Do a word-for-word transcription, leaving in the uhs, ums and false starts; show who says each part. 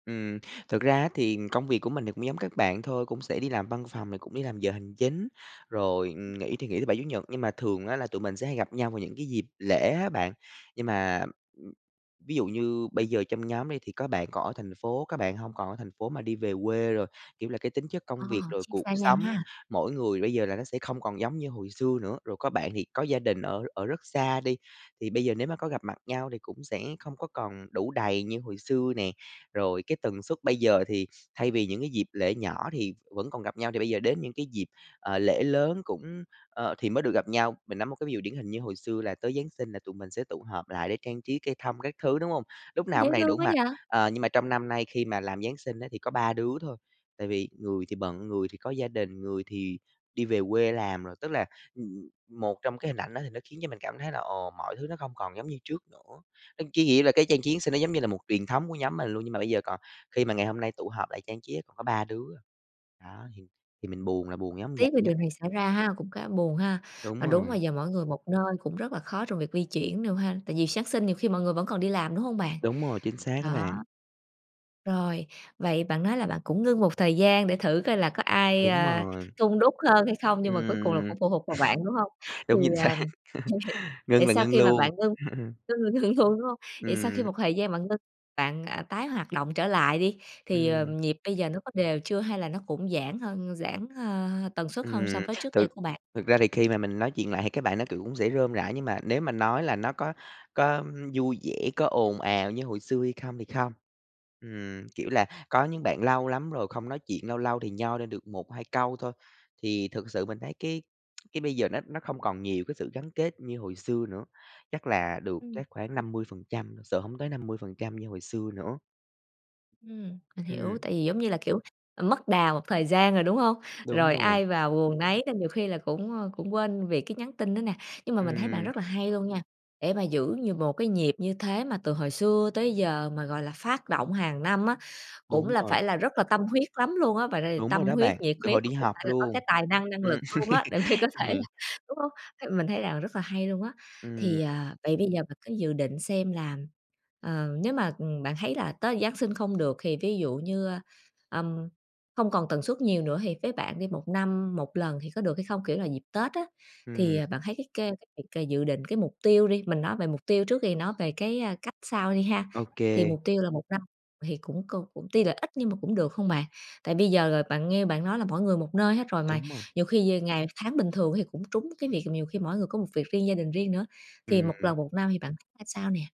Speaker 1: Ừm, thực ra á thì công việc của mình thì cũng giống các bạn thôi, cũng sẽ đi làm văn phòng rồi cũng đi làm giờ hành chính, rồi, ừm, nghỉ thì nghỉ thứ Bảy, Chủ nhật, nhưng mà thường á là tụi mình sẽ hay gặp nhau vào những cái dịp lễ á bạn. Nhưng mà, ưm, ví dụ như bây giờ trong nhóm đi thì có bạn còn ở thành phố, có bạn hông còn ở thành phố mà đi về quê rồi, kiểu, là cái tính chất
Speaker 2: Ờ,
Speaker 1: công việc rồi
Speaker 2: chia
Speaker 1: cuộc
Speaker 2: xa nhau
Speaker 1: sống,
Speaker 2: ha.
Speaker 1: mỗi người bây giờ là nó sẽ không còn giống như hồi xưa nữa. Rồi có bạn thì có gia đình ở ở rất xa đi, thì bây giờ nếu mà có gặp mặt nhau thì cũng sẽ không có còn đủ đầy như hồi xưa nè, rồi cái tần suất bây giờ thì, thay vì những cái dịp lễ nhỏ thì vẫn còn gặp nhau thì bây giờ đến những cái dịp, ờ, lễ lớn cũng, ơ thì mới được gặp nhau. Mình nói một cái ví dụ điển hình như hồi xưa là tới Giáng Sinh là tụi mình sẽ tụ hợp lại để trang trí cây thông các thứ, đúng hông? Lúc nào
Speaker 2: Dễ
Speaker 1: cũng đầy đủ
Speaker 2: thương quá
Speaker 1: mặt,
Speaker 2: vậy!
Speaker 1: ờ, nhưng mà trong năm nay khi mà làm Giáng Sinh á thì có ba đứa thôi, tại vì người thì bận, người thì có gia đình, người thì đi về quê làm rồi. Tức là, ừm, một trong cái hình ảnh đó thì nó khiến cho mình cảm thấy là ồ, mọi thứ nó không còn giống như trước nữa, c cái nghĩa là cái trang trí Giáng Sinh nó giống như là một truyền thống của nhóm mình luôn, nhưng mà bây giờ còn khi mà ngày hôm nay tụ họp lại trang trí á, còn ba đứa à. Đó, thì thì mình buồn là buồn giống
Speaker 2: Tiếc về
Speaker 1: vậy á.
Speaker 2: điều này xảy ra ha, cũng khá buồn ha. Mà
Speaker 1: Đúng
Speaker 2: đúng
Speaker 1: rồi.
Speaker 2: mà giờ mỗi người một nơi cũng rất là khó trong việc di chuyển luôn ha, tại vì Giáng Sinh nhiều khi mọi người vẫn còn đi làm, đúng hông bạn?
Speaker 1: Đúng rồi, chính xác á
Speaker 2: Đó.
Speaker 1: bạn.
Speaker 2: Rồi, vậy bạn nói là bạn cũng ngưng một thời gian để thử coi là có ai,
Speaker 1: Đúng
Speaker 2: ơ,
Speaker 1: rồi.
Speaker 2: hun đúc hơn hay không nhưng mà cuối cùng là
Speaker 1: Ừm.
Speaker 2: cũng phụ thuộc vào bạn, đúng hông? Thì,
Speaker 1: Đúng, chính xác,
Speaker 2: ờ, mình hiểu.
Speaker 1: ngưng
Speaker 2: Vậy
Speaker 1: là
Speaker 2: sau
Speaker 1: ngưng
Speaker 2: khi mà
Speaker 1: luôn,
Speaker 2: bạn ngưng
Speaker 1: ừm hưm.
Speaker 2: ngưng là ngưng luôn, đúng hông? Vậy sau khi
Speaker 1: Ừm.
Speaker 2: một thời gian bạn ngưng bạn, à, tái hoạt động trở lại đi, thì, ờ,
Speaker 1: Ừm.
Speaker 2: nhịp bây giờ nó có đều chưa hay là nó cũng giãn hơn, giãn, a, tần suất hơn so
Speaker 1: Ừm,
Speaker 2: với trước đây
Speaker 1: thực
Speaker 2: của bạn?
Speaker 1: thực ra thì khi mà mình nói chuyện lại thì các bạn đó, kiểu, cũng sẽ rôm rả nhưng mà nếu mà nói là nó có có vui vẻ, có ồn ào như hồi xưa hay không thì không, ừm, kiểu là, có những bạn lâu lắm rồi không nói chuyện, lâu lâu thì nhoi lên được một hai câu thôi. Thì thực sự mình thấy cái cái bây giờ nó nó không còn nhiều cái sự gắn kết như hồi xưa nữa, chắc là được
Speaker 2: Ừm.
Speaker 1: chắc khoảng năm mươi phần trăm sợ hổng tới năm mươi phần trăm như hồi xưa nữa.
Speaker 2: Ừm, mình hiểu,
Speaker 1: Ừm.
Speaker 2: tại vì, giống như là, kiểu, à, mất đà một thời gian rồi, đúng hông?
Speaker 1: Đúng
Speaker 2: Rồi
Speaker 1: rồi.
Speaker 2: ai vào guồng nấy nên nhiều khi là cũng, ơ, cũng quên việc cái nhắn tin nữa nè, nhưng mà mình thấy bạn
Speaker 1: Ừm.
Speaker 2: rất là hay luôn nha, để mà giữ nh một cái nhịp như thế mà từ hồi xưa tới giờ mà, gọi là, phát động hàng năm á, cũng
Speaker 1: Đúng
Speaker 2: là
Speaker 1: rồi.
Speaker 2: phải là rất là tâm huyết lắm luôn á, và đây
Speaker 1: Đúng rồi
Speaker 2: tâm
Speaker 1: đó
Speaker 2: huyết,
Speaker 1: bạn,
Speaker 2: nhiệt
Speaker 1: từ
Speaker 2: huyết
Speaker 1: hồi
Speaker 2: là
Speaker 1: đi
Speaker 2: cũng phải
Speaker 1: học
Speaker 2: là có
Speaker 1: luôn,
Speaker 2: cái tài năng, năng
Speaker 1: ừm,
Speaker 2: lực luôn á, để mà có thể là
Speaker 1: ừm.
Speaker 2: đúng hông? Th mình thấy là rất là hay luôn á.
Speaker 1: Ừm.
Speaker 2: Thì, à, vậy bây giờ bạn cứ dự định xem là, ờ, nếu mà, ừm, bạn thấy là tới Giáng sinh không được thì ví dụ như, ừm, không còn tần suất nhiều nữa thì với bạn đi một năm một lần thì có được hay không? Kiểu là dịp Tết á, thì
Speaker 1: Ừm.
Speaker 2: bạn thấy cái c cái việc c dự định cái mục tiêu đi, mình nói về mục tiêu trước thì nó về cái, à, cách sau đi ha.
Speaker 1: Ô
Speaker 2: Thì
Speaker 1: kê.
Speaker 2: mục tiêu là một năm thì cũng cu cũng tuy là ít nhưng mà cũng được hông bạn? Tại bây giờ là bạn nghe bạn nói là mỗi người một nơi hết rồi mà
Speaker 1: Đúng rồi.
Speaker 2: nhiều khi về ngày tháng bình thường á thì cũng trúng cái việc, nhiều khi mỗi người có một việc riêng, gia đình riêng nữa, thì một
Speaker 1: Ừm.
Speaker 2: lần một năm thì bạn thấy ra sao nè?